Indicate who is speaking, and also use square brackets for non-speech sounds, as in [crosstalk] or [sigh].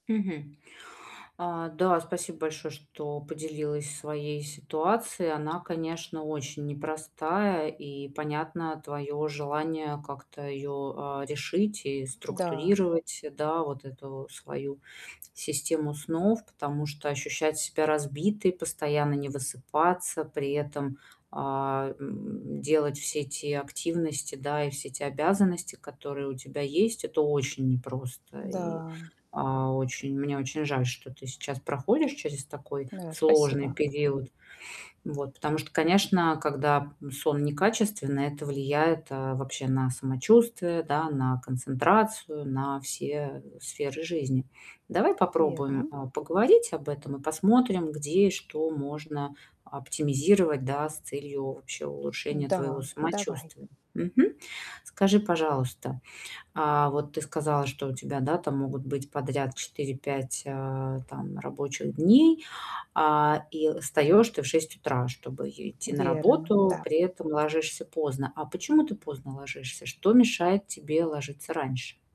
Speaker 1: Мгм. А, да, спасибо большое, что поделилась своей ситуацией. Она, конечно, очень непростая, и понятно твое желание как-то её, а, решить и
Speaker 2: М-да.
Speaker 1: структурировать, да, вот эту свою систему снов. Потому что ощущать себя разбитой, постоянно не высыпаться, при этом, а, м, делать все те активности, да, и все те обязанности, которые у тебя есть- это очень непросто. И,
Speaker 2: М-да.
Speaker 1: а, очень, мне очень жаль, что ты сейчас проходишь через такой
Speaker 2: Да,
Speaker 1: сложный
Speaker 2: спасибо.
Speaker 1: период. [sniffs] Вот. Потому что, конечно, когда сон некачественный- это влияет, э, вообще на самочувствие, да, на концентрацию, на все сферы жизни. Давай попробуем,
Speaker 2: Верно.
Speaker 1: а, поговорить об этом и посмотрим, где и что можно оптимизировать, да, с целью вообще улучшения твоего
Speaker 2: Да, давай.
Speaker 1: самочувствия. Мгм. Скажи, пожалуйста, а вот ты сказала, что у тебя, да, там могут быть подряд 4-5, а, там рабочих дней, а и встаешь ты в 6 утра, чтобы е идти на
Speaker 2: Верно,
Speaker 1: работу.
Speaker 2: да.
Speaker 1: При этом ложишься поздно. А почему ты поздно ложишься? Что мешает тебе ложиться раньше?